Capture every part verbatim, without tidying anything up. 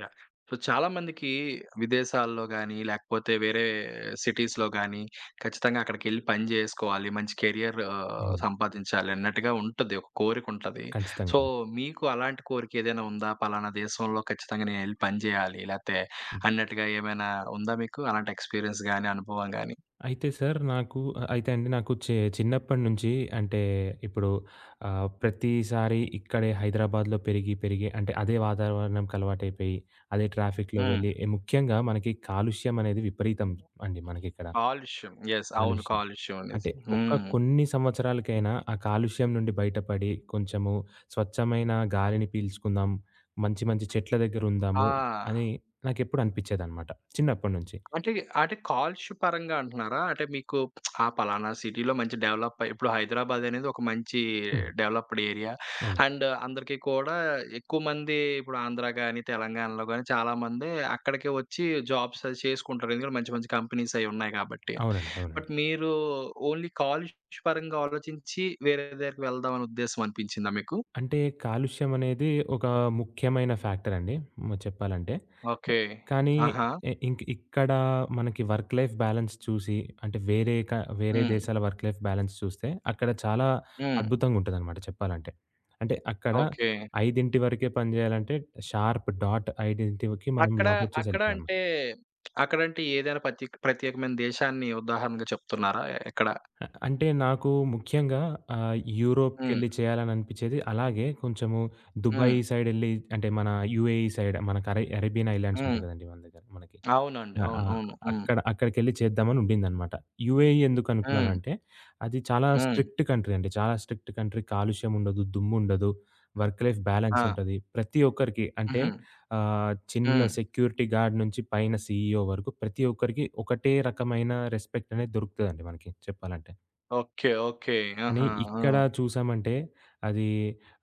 Yeah! So, చాలామందికి విదేశాల్లో గానీ, లేకపోతే వేరే సిటీస్‌లో గానీ, ఖచ్చితంగా అక్కడికెళ్లి పని జేసుకోవాలి. మంచి కెరియర్ అవును. సంపాదించాలనట్టుగా ఉంటది, ఒక కోరికుంటాది. ఖచ్చితంగా సో, అండి. మీకు అలాంటి కోరికేదైనా ఉందా? పలానా దేశంలో ఖచ్చితంగా నేనెళ్లి పని జేయాలి లేతే హ్మ్. అన్నట్టుగా ఏమైనా ఉందా మీకు అలాంటి ఎక్స్‌పీరి‌య‌న్స్ గానీ, అనుభవం గానీ? అయితే సారు నాకు ఆహ్, అయితే అండి నాకు చే చిన్నప్పటినించి అంటే ఇప్పుడు ఆహ్, ప్రతీసారి ఇక్కడే హైదరాబాద్‌లో పెరిగి పెరిగి అంటే అదే వాతావరణంకలవాటైపోయి, అదే ట్రాఫిక్‌లో వెళ్ళి, హ్మ్. ముఖ్యంగా మనకి కాలుష్యమనేది విపరీతం అండి మనకిక్కడ. కాలుష్యం యెస్. అవును. కాలుష్యం. అంటే కాలుష్యమనేసి ఒక్క హ్మ్. కొన్ని సంవత్సరాలకైనా ఆ కాలుష్యం నుండి బయటపడి కొంచెము స్వచ్ఛమైన ఆ! గాలిని పీల్చుకుందాం. మంచి మంచి చెట్ల దగ్గరుందాము ఆ! అని నాకెప్పుడూ అనిపిచ్చేదనమాట చిన్నప్పడినుంచి. అంటే అంటే కాలుష్య పరంగా అంటున్నారా? అంటే మీకు ఆ పలానా సిటీలో మంచి డెవలప్ అయి ఇప్పుడు హైదరాబాద్ అనేది ఒక మంచీ హ్మ్. డెవలప్‌డ్ ఏరియా, అవును. అండ్ అందరికీ కూడా ఎక్కువమంది ఇప్పుడు ఆంధ్ర గానీ, తెలంగాణలో గానీ, చాలా మంది అక్కడికే ఒచ్చి జాబ్స్ అది చేసుకుంటరు. ఎందుకంటే మంచి మంచి కంపెనీసయి ఉన్నాయి కాబట్టి అవునండి. అవునండి. బట్ మీరూ ఓన్లీ కాలుష్య పరంగా ఆలోచించి వేరే దగ్గరికి వెళ్దాం అనే ఉద్దేశమనిపించిందా మీకు? అంటే కాలుష్యమనేది ఒకా ముఖ్యమైన ఫ్యాక్టరండి. మ చెప్పాలంటే ఓకే. కానీ ఆహా! ఎ ఇంక్ ఇక్కడా మనకి వర్క్ లైఫ్ బ్యాలన్స్ చూసి, అంటే వేరే క వేరే హ్మ్. దేశాల వర్క్ లైఫ్ బ్యాలెన్స్ చూస్తే, అక్కడ చాలా హ్మ్. అద్భుతంగుంటదనమాట. చెప్పాలంటే అంటే అక్కడ ఓకే. ఐదింటి వరకే పని జేయాలంటే, షార్ప్ డాట్ ఐదింటికి మనం అక్కడా లాగౌట్ చేసి అక్కడ ఎళ్ళిపోడమే. అంటే అక్కడంటే ఏదైనా పత్యేక్ ప్రత్యేకమైన దేశాన్ని ఉదాహరణగా చెప్తున్నారా ఎక్కడ? అ అంటే నాకు ముఖ్యంగా ఆహ్, హ్మ్. యూరోప్‌కెళ్లి చేయాలని అనిపిచ్చేది. అలాగే కొంచెము 'దుబాయ్' హ్మ్. సైడెళ్లి అంటే మన 'యూఎఈ' సైడ్ మనకరే 'అరేబియన్' హ్మ్. ఐలాండ్సుంటాయి గదండి మన దగ్గర మనకి. అవునండి. ఆ! అవును. ఆ! అవును. హ్మ్. అక్కడ అక్కడికెళ్లి చేద్దామని ఉండిందనమాట. యూఎఈ హ్మ్. ఎందుకనుకున్నానంటే, అది చాలా హ్మ్. స్ట్రిక్ట్ కంట్రీ అండి. చాలా స్ట్రిక్ట్ కంట్రీ కాలుష్యముండదు, దుమ్ముండదు, వర్క్ లైఫ్ ఆ! బ్యాలెన్సుంటది. ప్రతి ఒక్కరికి అంటే హుహు. ఆహ్, చిన్న హ్మ్. సెక్యూరిటీ గార్డ్ నించి పైన సీఈఓ వరుకు ప్రతి ఒక్కరికి ఒకటే రకమైన రెస్పెక్టనేది దొరుకుతదండి మనకి చెప్పాలంటే. ఓకే. ఓకే. కానీ, ఆహా! ఇక్కడ ఆ! చూసామంటే, అదీ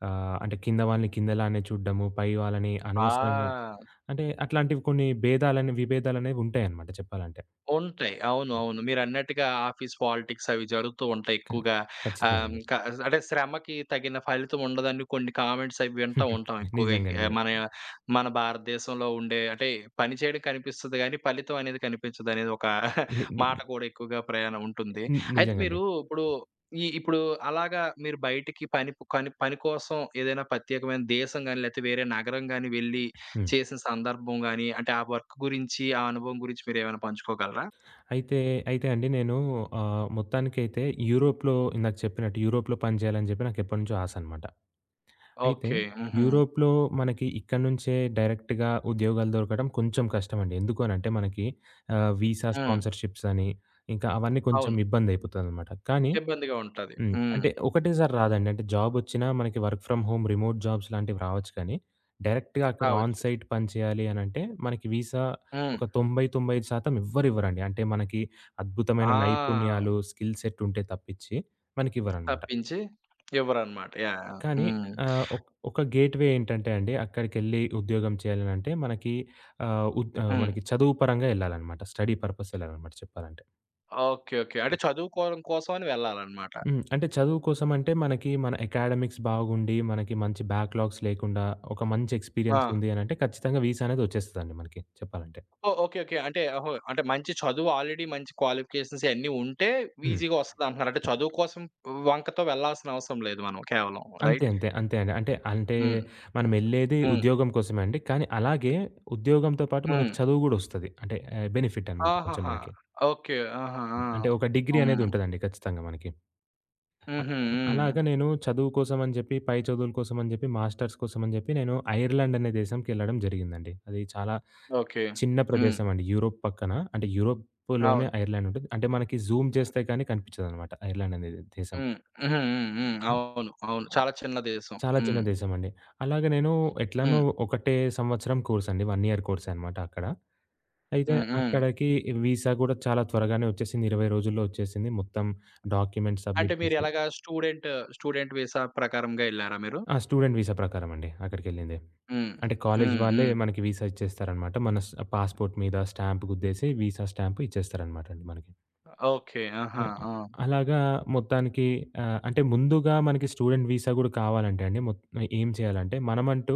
ఆహ్, అంటే కింద వాళ్ళని కిందలానే చూడ్డము, పై వాళ్ళని అనవసరంగా ఆ! అంటే అట్లాంటివి కొన్ని బేధాలని, విభేదాలనేవుంటాయనమాట చెప్పాలంటే. ఉంటాయి. అవును. హ్మ్. అవును. మీరన్నట్టుగా ఆఫీస్ పాలిటిక్స్ అవి జరుగుతూ ఉంటాయి. క ఎక్కువగా ఖచ్చితంగా ఆహ్, అండి. క అంటే శ్రమకి తగిన ఫలితం ఉండదని, కొన్ని కామెంట్స్ అవి వింటా ఉంటాం. ఎక్కువగా నిజంగా అండి. ఎ మన మన భారతదేశంలో ఉండే అంటే పని చేయడం కనిపిస్తది గానీ, పలితం అనేది కనిపించదనేది ఒక ని ని మాట కూడా ఎక్కువగా ప్రయాణం ఉంటుంది. ని అయితే నిజంగా అండి. మీరు ఇప్పుడు ఈ ఇప్పుడు అలాగా మీరు బయటికి పనిపు కని పని కోసం ఏదైనా పత్యేకమైన దేశం గానీ, లేతే వేరే నగరం గానీ, వెళ్లి, హ్మ్. చేసిన సందర్భం గానీ, అంటే ఆ వర్క్ గురించి, ఆ అనుభవం గురించి మీరేమైనా పంచుకోగలరా? అయితే, అయితే అండి నేనూ ఆహ్, మొత్తానికైతే యూరోప్‌లో ఇందాక చెప్పినట్టు యూరోప్‌లో పని జేయాలని జెప్పి నాకెప్పడినుంచో ఆశనమాట. అయితే ఓకే. హుహు. యూరోప్‌లో మనకి ఇక్కడి నించే డైరెక్ట్‌గా ఉద్యోగాలు దొరకడం కొంచుం కష్టమండి. ఎందుకు అనంటే మనకి ఆహ్, విసా హ్మ్. స్పాన్‌సర్‌షిప్సని, ఇంకా అవన్నీ కొంచుం అవును. ఇబ్బందైపోతదనమాట. కానీ ఇబ్బందిగా ఉంటాది. హ్మ్. హ్మ్. అంటే ఒకటే సారి రాదండి. అంటే జాబొచ్చిన మనకి వర్క్ ఫ్ర‌మ్ హోమ్, రిమోట్ జాబ్స్‌లాంటివి రావచ్చు కానీ డైరెక్ట్‌గా అక్కడ కావచ్చు. ఆన్‌సైట్ పని చేయాలి అనంటే, మనకి వీసా హ్మ్. ఒక తొంబై తొంబై ఐదు శాతం ఎవ్వరివ్వరండి. అంటే మనకి అద్భుతమైన ఆ! నైపుణ్యాలు, స్కిల్ సెట్ ఉంటే తప్పించి మనకివ్వరనమాట. తప్పించి ఇవ్వరనమాట. యాహ్! యాహ్! కానీ హ్మ్. ఆహ్, ఒక్ ఒక గేట్ వే ఏంటంటే అండి, అక్కడికెళ్లి ఉద్యోగం చేయాలనంటే మనకి, ఆహ్, ఉద్ హ్మ్. మనకి చదువు పరంగా ఎళ్ళాలనమాట. స్టడీ పర్‌పసెళ్ళాలనమాట చెప్పాలంటే. ఓకే. ఓకే. అంటే చదువుకోడం కోసమని వెళ్ళాలనమాట. హ్మ్. అంటే చదువు కోసమంటే మనకి మన అకాడెమిక్స్ బాగుండి, మనకి మంచి బ్యాక్‌లాగ్స్ లేకుండా, ఒక మంచి ఎక్స్‌పీరియన్స్ ఆ! ఉంది అనంటే ఖచ్చితంగా విసా అనేది ఒచ్చేస్తదండి మనకి చెప్పాలంటే. ఓహ్! ఓకే. ఓకే. అంటే ఓహో! అంటే మంచి చదువు ఆల్రెడీ మంచి క్వాలిఫికేషన్స్ అయ్యని ఉంటే, హ్మ్. వీజీగా వస్తదంటున్నారు. అంటే చదువు కోసం వంకతో వెళ్లాల్సిన అవసరం లేదు మనం కేవలం అంతే. రైట్? అంతే. అంతే అండి. అంటే అంటే హ్మ్. హ్మ్. మనమెళ్ళేదే హ్మ్. ఉద్యోగం కోసమే అండి. కానీ, అలాగే ఉద్యోగంతో పాటు మనకు హ్మ్. చదువు గూడా ఒస్తది. అంటే ఏ బెనిఫిటనమాట కొంచుం ఆహాహా! మనకి. ఓకే. ఆహా! ఆ! అంటే ఒక డిగ్రీ హ్మ్. అనేదుంటదండి ఖచ్చితంగా మనకి. అ హుహు. ఆహ్, హ్మ్. అలాగా నేను చదువు కోసమని జెప్పి, పై చదువుల కోసం అని జెప్పి, మాస్టర్స్ కోసమని జెప్పి, నేను ఐర్లాండ్ అనే దేశంకి ఎళ్ళడం జరిగిందండి. అది చాలా ఓకే. చిన్న హ్మ్. ప్రదేశం అండి. యూరోప్ పక్కన అంటే యూరోప్‌లోనే అవును. ఐర్లాండుంటది. అంటే మనకి జూమ్ చేస్తే కానీ కనిపిచ్చదనమాట ఐర్లాండ్ అనేది దేశం. హ్మ్. హుహు. హ్మ్. హ్మ్. హ్మ్. అవును. అవును. చాలా చిన్న దేశం. చాలా చిన్న హ్మ్. దేశమండి. అలాగే నేనూ ఎట్లనో హ్మ్. ఒకటే సంవత్సరం కోర్సండి. వన్ ఇయర్ కోర్సే అనమాట అక్కడ. అయితే హ్మ్. హ్మ్. అక్కడికి, వీసా గూడా చాలా త్వరగానే ఒచ్చేసింది. ఇరవై రోజుల్లో ఒచ్చేసింది మొత్తం డాక్యుమెంట్స్ అంటే సబ్‌మిట్ మీరు చేసి ఎలగా స్టూడెంట్ స్టూడెంట్ విసా ప్రకారంగా ఎళ్లారా మీరు? ఆ! స్టూడెంట్ వీసా ప్రకారమండి అక్కడికెళ్ళింది. హ్మ్. అంటే కాలేజీ హ్మ్. వాళ్ళే హ్మ్. మనకి వీసా ఇచ్చేస్తారనమాట. మన స్ పాస్‌పోర్ట్ మీద స్టాంప్ గుద్దేసి, వీసా స్టాంప్ ఇచ్చేస్తారనమాటండి మనకి. ఓకే. ఆహా! హ్మ్. ఆహ్, ఆ! అలాగా మొత్తానికి ఆహ్, అంటే ముందుగా మనకి స్టూడెంట్ వీసా గూడా కావాలంటేండి, మొత్ ఆహ్, ఏం చేయాలంటే మనమంటూ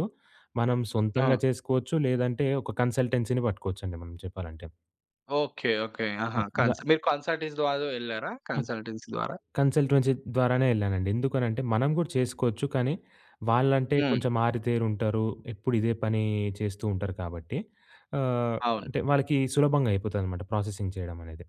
మనం సొంతంగా ఆ! చేసుకోవచ్చు, లేదంటే ఒక కన్‌సల్‌టె‌న్సీ పట్టుకోవచ్చండి మనం చెప్పాలంటే. ఓకే. ఓకే. అ ఆహా! కన్స వ మీరు కన్సల్టెస్ ద్వారా వెళ్లారా? ఆహ్, కన్సల్టెన్సీ ద్వారా? కన్సల్టెన్సీ ద్వారానే ఎళ్ళానండి. ఎందుకనంటే, మనం గూడా చేసుకోవచ్చు. కానీ వాళ్ళంటే, హ్మ్. కొంచెం ఆరితేరుంటారు, ఎప్పుడు ఇదే పని చేస్తుంటారు కాబట్టి, ఆహ్, అవును. అంటే వాళ్ళకి సులభంగా అయిపోతుందనమాట ప్రాసెసింగ్ చేయడమనేది.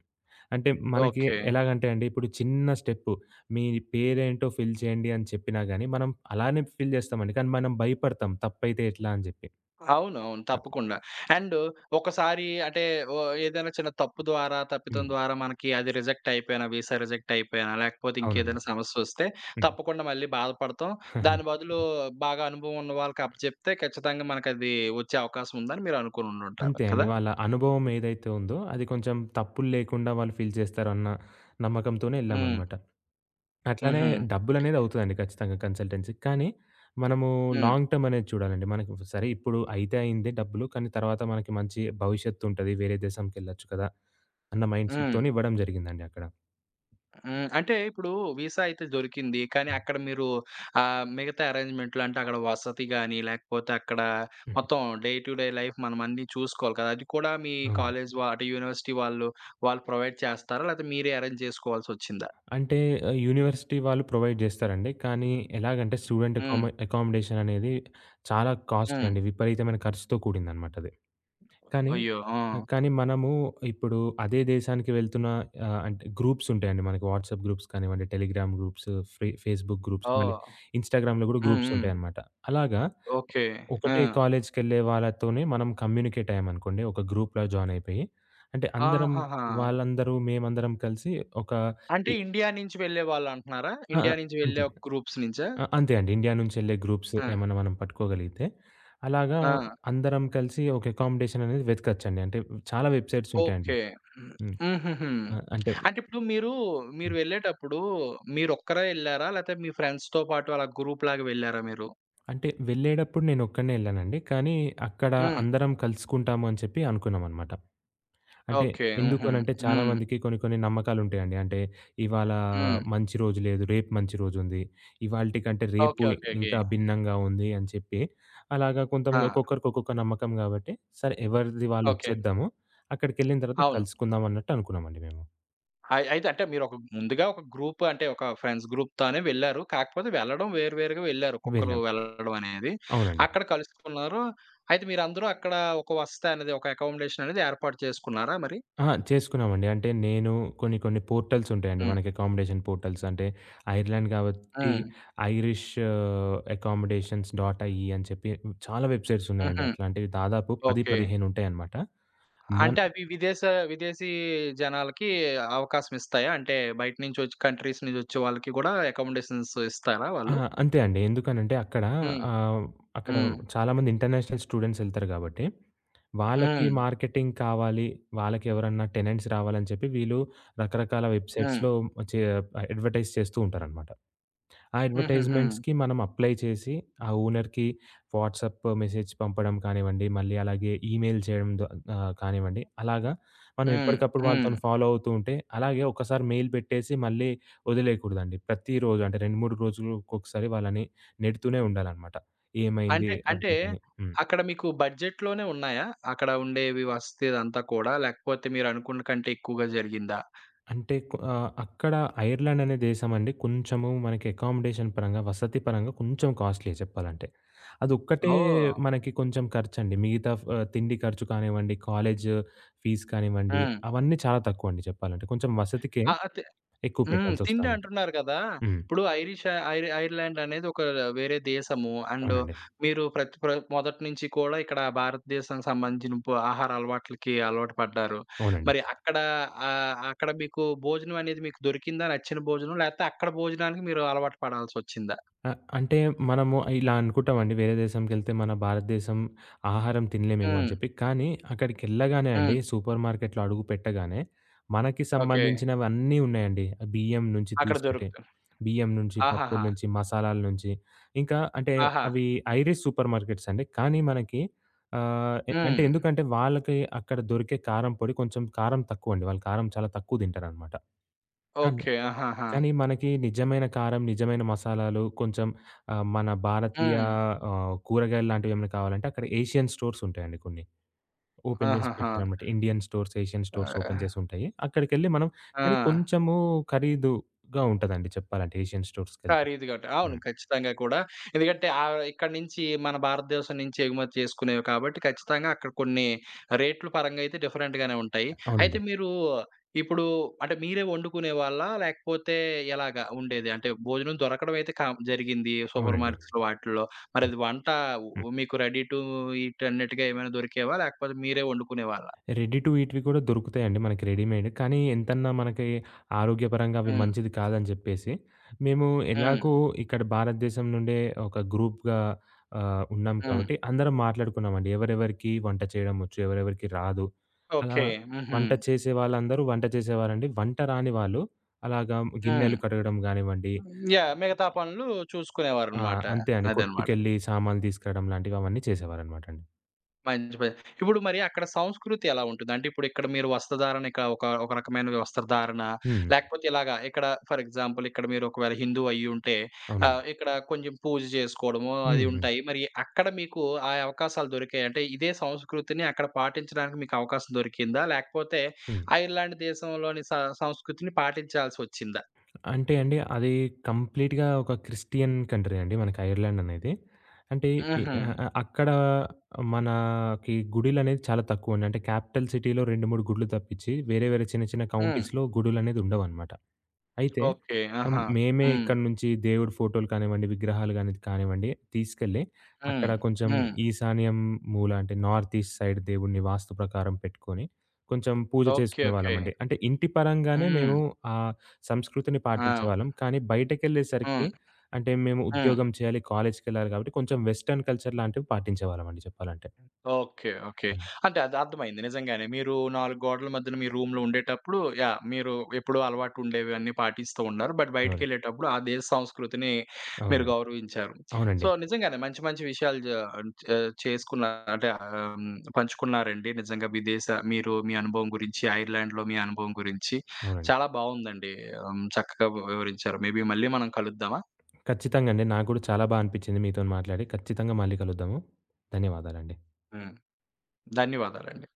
అంటే మనకి ఓకే. ఎలాగంటే అండి, ఇప్పుడు చిన్న స్టెప్పు, మీ పేరేంటో ఫిల్ చేయండి అని చెప్పినా గానీ, మనం అలానే ఫిల్ జేస్తామండి. కానీ మనం భయపడతాం తప్పైతే ఎట్లా అని జెప్పి. అవును. అవును. అ తప్పకుండా. అండు ఒకసారి అంటే ఒ ఏదైనా చిన్న తప్పు ద్వారా, తప్పితం హ్మ్. ద్వారా మనకి అది రిజెక్ట్ అయిపోయినా, వీసా రిజెక్ట్ అయిపోయినా లేకపోతే అవునండి. ఇంకేదైనా సమస్యొస్తే హ్మ్. తప్పకుండా మళ్ళీ బాధపడతాం. దాని బదులు బాగా అనుభవవున్న వాళ్ళకప్పజెప్తే, ఖచ్చితంగా మనకది వచ్చే అవకాశముందని మీరనుకోనినుంటారు. అంతే అండి. కదా? వాళ్ళ అనుభవం ఏదైతే ఉందో, అది కొంచెం తప్పుల్లేకుండా వాళ్ళు ఫీల్ జేస్తారు అన్న నమ్మకంతోనే హ్మ్. ఎళ్ళామనమాట. అట్లానే హుహు. డబ్బులనేదవుతుందండి ఖచ్చితంగా కన్సల్టెన్సీ‌కి. కానీ, మనము హ్మ్. లాంగ్ టర్మ్ అనేది చూడాలండి. మనకు సరే ఇప్పుడు అయితే అయింది డబ్బులు. కానీ, తర్వాత మనకి మంచి భవిష్యత్తుంటది. వేరే దేశంకెళ్ళొచ్చు కదా! అన్న హ్మ్. మైండ్‌సెట్‌తోనే ఇవ్వడం జరిగిందండి అక్కడ. హ్మ్. అంటే ఇప్పుడు వీసా అయితే దొరికింది. కానీ అక్కడ మీరు ఆహ్, మిగతా అరేంజ్మెంటులు అంటే అక్కడ వసతి గాని, లేకపోతే అక్కడ హుహు. మొత్తం డే టు డే లైఫ్ మనం అన్ని చూసుకోవాలి కదా! అది కూడా మీ అవునండి. కాలేజీ వ అంటే యూనివర్సిటీ వాళ్ళు, వాళ్ళు ప్రొవైడ్ చేస్తారా? లేతే మీరే అరేంజ్ జేసుకోవాల్సొచ్చిందా? అంటే ఆహ్, యూనివర్సిటీ వాళ్ళు ప్రొవైడ్ జేస్తారండి. కానీ ఎలాగంటే, స్టూడెంట్ అకాం హ్మ్. అకమోడేషన్ అనేది చాలా కాస్ట్‌లీ హ్మ్. అండి. విపరీతమైన ఖర్చుతో కూడిందన్నమాటది. కానీ, అయ్యో! ఆ! కానీ మనము ఇప్పుడు అదే దేశానికి వెళ్తున్న ఆహ్, అంటే గ్రూప్స్ ఉంటాయండి. మనకి వాట్సాప్ గ్రూప్స్ కానివ్వండి, టెలిగ్రాము గ్రూప్సు, ఫె ఫేస్‌బుకు గ్రూప్సు మళ్ళీ ఓహ్! ఇన్‌స్టాగ్రామ్‌లో గూడా హ్మ్. గ్రూప్స్ హ్మ్. ఉంటాయన్నమాట. అలాగా ఓకే. ఆ! ఒకటే కాలేజీకెళ్ళే వాళ్ళతోనే మనం కమ్యూనికేటయ్యామనుకోండి, ఒక గ్రూపలో జాయినయిపోయి, అంటే అందరం ఆహాహా! వాళ్ళందరూ, మేమందరం కలిసి ఒక అంటే ఇ ఇండియా నుంచి వెళ్ళేవాళ్ళంటున్నారా? ఆ! ఆ! ఇండియా నుంచి వెళ్ళే అంతే. ఒక గ్రూప్స్ నుంచా? అ అంతే అండి. ఇండియానుంచెళ్ళే గ్రూప్సు, ఆ! ఏమైనా మనం పట్టుకోగలిగితే, అలాగా ఆ! అందరం కలిసి ఒక అకామోడేషన్ అనేది వెతకొచ్చండి. అంటే చాలా వెబ్‌సైట్స్ ఉంటాయండి. ఓకే. హ్మ్. హుహుహు. ఆహ్, అంటే అంటే ఇప్పుడు మీరు, మీరు హ్మ్. వెళ్ళేటప్పుడు, మీరొక్కరే ఎళ్లారా? లేతే మీ ఫ్రెండ్స్‌తో పాటు అలా గ్రూప్‌లాగా వెళ్లారా మీరు? అంటే వెళ్ళేడప్పుడు నేనొక్కడినే ఎళ్ళానండి. కానీ, అక్కడ హ్మ్. అందరం కలుసుకుంటామని చెప్పి అనుకున్నామన్నమాట. అంటే ఓకే. ఎందుకు హుహు. అనంటే, హ్మ్. చాలామందికి కొన్ని కొన్ని నమ్మకాలుంటాయండి. అంటే ఇవాళ హ్మ్. మంచి రోజు లేదు, రేపు మంచి రోజుంది. ఇవాల్టికంటే రేపు ఓకే. ఓకే. ఓకే. ఇంకా భిన్నంగా ఉంది అని చెప్పి, అలాగా ఆ! కొంతమంది ఒక్కొక్కరికి ఒక్కొక్క నమ్మకం గాబట్టి, సరే ఎవరిది వాళ్ళు ఇ ఓకే. చేద్దాము అక్కడికెళ్ళిన తర్వాత అవును. కలుసుకుందామన్నట్టు అనుకున్నామండి మేము. అయ్ అయితే అంటే మీరు ఒక ముందుగా ఒక గ్రూప్ అంటే ఒక ఫ్రెండ్స్ గ్రూప్‌తోనే వెళ్లారు. కాకపోతే వెళ్లడం వేరు వేరుగా వెళ్లారు, ఒక్కొక్కరు వెళ్ళాం. వెళ్ళడం అనేది, అవునండి. అక్కడ కలుసుకున్నారు. అయితే మీరందరూ అక్కడ ఒక వసతనేది, ఒక అకమోడేషన్ అనేది ఏర్పాటు చేసుకున్నారా మరి? అహా! చేసుకున్నామండి. అంటే నేను, కొన్ని కొన్ని పోర్టల్స్ ఉంటాయండి. హ్మ్. మనకి అకామోడేషన్ పోర్టల్స్ అంటే, ఐర్లాండ్ కాబట్టి హ్మ్. ఐరిష్ అకమోడేషన్ డాట్ ఐ‌ఈ అని చెప్పి, చాలా వెబ్‌సైట్స్ ఉన్నాయండి. హుహు. అట్లాంటివి దాదాపు పది ఓకే. పదిహేను ఉంటాయన్నమాట. మొన్ అంటే అవి విదేశ విదేశీ జనాలకి అవకాశం ఇస్తాయా? అంటే బయట నుంచి ఒచ్ కంట్రీస్ నుంచి ఒచ్చే వాళ్ళకి గూడా అకామోడేషన్స్ ఇస్తారా ఆ! వాళ్ళు? అంతే అండి. ఎందుకనంటే, అక్కడ హ్మ్. ఆహ్, అక్కడ హ్మ్. చాలా మంది ఇంటర్నేషనల్ స్టూడెంట్స్ ఎళ్తారు గాబట్టి. వాళ్ళకి హ్మ్. మార్కెటింగ్ కావాలి, వాళ్ళకి ఎవరన్నా టెనెంట్స్ రావాలని చెప్పి, వీళ్ళు రకరకాల హ్మ్. వెబ్‌సైట్స్‌లో చే ఆహ్, అడ్వర్టైజ్ చేస్తూ ఉంటారన్నమాట. ఆ హుహుహు. అడ్వర్టైజ్‌మెంట్స్‌కి మనం అప్లై చేసి, ఆ ఓనర్‌కి వాట్సాప్ మెసేజ్ పంపడం కానివ్వండి, మళ్ళీ అలాగే ఈమెయిల్ చేయడం ద కానివ్వండి. అలాగా మనం హ్మ్. ఎప్పటికప్పుడు హ్మ్. వాళ్ళతోని ఫాలో అవుతుంటే, అలాగే ఒకసారి మెయిల్ బెట్టేసి, మళ్ళీ ఒదిలేయకూడదండి. ప్రతిరోజు అంటే రెండు మూడు రోజులకొక్కసారి వాళ్ళని నెడుతూనే ఉండాలనమాట. "ఏమైంది, అంటే అంటే అప్‌డేట్" అని. హ్మ్. అక్కడ మీకు బడ్జెట్‌లోనే ఉన్నాయా? అక్కడ ఉండేవి వసతి అదంతా కూడా, లేకపోతే మీరు అనుకున్న కంటే ఎక్కువగా జరిగిందా? అంటే కొ ఆహ్, అక్కడ ఐర్లాండ్ అనే దేశం అండి కొంచెము మనకి అకమోడేషన్ పరంగా వసతి పరంగా కొంచెం కాస్ట్‌లీయె చెప్పాలంటే. అదొక్కటే ఓహ్! మనకి కొంచెం ఖర్చండి. మిగతా ఫ తిండి ఖర్చు కానివ్వండి, కాలేజ్ ఫీజ్ కానివ్వండి. హ్మ్. అవన్నీ చాలా తక్కువండి చెప్పాలంటే. కొంచెం వసతికే ఆహ్, ఆహ్, తి ఎక్కువ హ్మ్. పెట్టాల్సొస్తుందనమాట. తిండంటున్నారు గదా! హ్మ్. ఇప్పుడు ఐరిష ఐర్ ఐర్లాండ్ అనేది ఒక వేరే దేశము. అండ్ అవునండి. మీరు ప్రత్ ప్ర మొదటి నుంచి కూడా, ఇక్కడ భారతదేశానికి సంబంధించిన పు ఆహార అలవాట్లకి అలవాటు పడ్డారు. అవునండి. మరి అక్కడ ఆహ్, అక్కడ మీకు భోజనం అనేది, మీకు దొరికిందా నచ్చిన భోజనం? లేతే అక్కడ భోజనానికి మీరు అలవాటు పడాల్సొచ్చిందా? ఆహ్, అంటే మనము ఇలా అనుకుంటామండి వేరే దేశంకెళ్తే మన భారతదేశం ఆహారం తినలేమేమో అని హ్మ్. చెప్పి. కానీ, అక్కడికెళ్ళగానే అండి, హ్మ్. సూపర్ మార్కెట్‌లో అడుగు పెట్టగానే, మనకి ఓకే. సంబంధించినవన్నీ ఉన్నాయండి. బియ్యం నుంచి అక్కడ తీసుకుంటే, దొరుకుతు బియ్యం నుంచి, పప్పుల ఆహాహా! నుంచి మసాలాల నుంచి, ఇంకా అంటే ఆహా! అవి ఐరిష్ సూపర్ మార్కెట్స్ అండి. కానీ, మనకి ఆహ్, ఎ అంటే హ్మ్. ఎందుకంటే, వాళ్ళకి అక్కడ దొరికే కారం పొడి కొంచెం కారం తక్కువండి, వాళ్ళు కారం చాలా తక్కువ దింటారనమాట. అన్ ఓకే. ఆహాహా! కానీ, మనకి నిజమైన కారం, నిజమైన మసాలాలు కొంచెం ఆహ్, మన భారతీయ హ్మ్. ఆహ్, కూరగాయల్లాంటివేమైనా కావాలంటే అక్కడ ఏషియన్ స్టోర్స్ ఉంటాయండి కొన్ని. ఓపెన్ జేసి ఆహాహా! పెడతారన్నమాట. Indian stores, Asian stores open ఆహ్ చేసుంటాయి. అక్కడికెళ్ళి మనం కానీ, ఆ! కొంచెము ఖరీదుగా ఉంటుందండి చెప్పాలంటే ఏషియన్ స్టోర్స్‌కెళ్తే. ఖరీదుగుంటాయి. అవును. హ్మ్. ఖచ్చితంగా కూడా. ఎందుకంటే, ఆహ్, ఇక్కడి నుంచి మన భారతదేశం నుంచి ఎగుమతి చేసుకునేవి కాబట్టి, ఖచ్చితంగా అక్కడ కొన్ని రేట్లు పరంగా అయితే డిఫరెంట్‌గానే ఉంటాయి. అయితే అవునండి. మీరు, ఇప్పుడు అంటే మీరే ఒండుకునే వాళ్ళా? లేకపోతే ఎలాగా ఉండేది అంటే భోజనం దొరకడం అయితే కా జరిగింది సూపర్ అవునండి. మార్కెట్స్‌లో వాటిల్లో. హ్మ్. మరది వంట హ్మ్. మీకు రెడీ టూ ఈట్ అన్నట్టుగా ఏమైనా దొరికేవా? లేకపోతే మీరే ఒండుకునేవారా? రెడీ టు ఈట్‌వి కూడా దొరుకుతాయండి, మనకి రెడీమేడ్. కానీ, ఎంతన్నా మనకి ఆరోగ్యపరంగా అవి హ్మ్. మంచిది కాదని జెప్పేసి, మేము హ్మ్. ఎలాగో ఇక్కడ భారతదేశం నుండే ఒక గ్రూప్‌గా ఆహ్, ఉన్నాం హ్మ్. కాబట్టి. అందరం మాట్లాడుకున్నామండి, ఎవరెవరికి వంట చేయడం ఒచ్చు, ఎవరెవరికి రాదు, అలా ఓకే. హుహు. వంట చేసే వాళ్ళందరూ వంట చేసేవారండి. వంట రాని వాళ్ళు అలాగా హ్మ్. గిన్నెలు కడగడం గానివ్వండి యాహ్! మిగతా పనులు ఆ! చూసుకునేవారన్నమాట. అంతే అండి. అదనమాట. కొట్టుకెళ్ళి, సామాను‌లు దీసుకరావడం లాంటివి అవన్నీ చేసేవారన్నమాట అండి. మంచి పని ఇప్పుడు మరి అక్కడ సంస్కృతి ఎలా ఉంటుంది? అంటే ఇప్పుడు ఇక్కడ మీరు వస్త్రధారణ ఇక ఒక ఒక రకమైన వస్త్రధారణ హ్మ్. హ్మ్. లేకపోతే ఇలాగ ఇక్కడ ఫర్ ఎగ్జాంపుల్ ఇక్కడ మీరు ఒకవేళ హిందువు అయ్యి ఉంటే అవునండి. ఆహ్, ఇక్కడ కొంచెం పూజ జేసుకోవడము అది హుహు. ఉంటాయి. మరి అక్కడ మీకు ఆ అవకాశాలు దొరికాయా? అంటే ఇదే సంస్కృతిని అక్కడ పాటించడానికి మీకు అవకాశం దొరికిందా? లేకపోతే హ్మ్. ఐర్‌లాండ్ దేశంలోని స సంస్కృతిని పాటించాల్సి ఒచ్చిందా? అంటే అండి అది కంప్లీట్‌గా ఒక క్రిస్టియన్ కంట్రీ అండి మనకి ఐర్‌లాండ్ అనేది. అంటే ఇ హుహు. అ అక్కడ మనకి గుడిలనేది చాలా తక్కువండి అంటే క్యాపిటల్ సిటీ‌లో రెండు, మూడు గుడులు తప్పించి వేరే వేరే చిన్న చిన్న హ్మ్. కౌంటీస్‌లో గుడులనేది ఉండవన్నమాట. అయితే ఓకే. ఆహ్, ఆహా! మేమే హ్మ్. ఇక్కడి నుంచి దేవుడి ఫోటోలు కానివ్వండి, విగ్రహాలు గాని అనేది కానివ్వండి తీసుకెళ్ళి హ్మ్. అక్కడ కొంచెం హ్మ్. ఈశాన్యం మూల అంటే నార్త్ ఈస్ట్ సైడ్ దేవుడిని వాస్తు ప్రకారం పెట్టుకొని, కొంచెం పూజ ఓకే. చేసుకునే ఓకే. వాళ్ళమండి అంటే ఇంటి పరంగానే హ్మ్. మేము ఆ సంస్కృతిని ఆ! పాటించేవాళ్ళం కానీ, బయటకి హ్మ్. ఎళ్ళేసరికి అంటే మేము హ్మ్. ఉద్యోగం చేయాలి కాలేజీకేళ్ళాలి కాబట్టి కొంచెం వెస్టర్న్ కల్చర్ లాంటివి పాటించేవాళ్ళమండి చెప్పాలంటే. ఓకే. ఓకే. హ్మ్. అంటే అది అర్థమయింది నిజంగానే మీరు నాలుగు గోడల మధ్యన, మీ రూమ్‌లో ఉండేటప్పుడు, యాహ్! మీరు ఎప్పుడూ అలవాటుండేవి అన్ని పాటిస్తూ ఉన్నారు. బట్ బయటికి అవునండి. ఎళ్ళేటప్పుడు ఆ దేశ సంస్కృతిని మీరు అవునండి. గౌరవించారు. అవునండి. సో, నిజంగానే మంచి మంచి విషయాలు జే చే చేసుకున్నారు అంటే, హ్మ్ పంచుకున్నారండి నిజంగా విదేశ మీరు మీ అనుభవం గురించి, ఐర్‌లాండ్‌లో మీ అనుభవం గురించి అవునండి. చాలా బాగుందండి. ఆహ్, హ్మ్. చక్కగా వివరించారు. మేబీ మళ్ళీ మనం కలుద్దామా? ఖచ్చితంగా అండి. నాకు గూడా చాలా బా అనిపించింది మీతోని మాట్లాడి ఖచ్చితంగా మళ్ళీ కలుద్దాము. ధన్యవాదాలండి. హ్మ్. ధన్యవాదాలండి.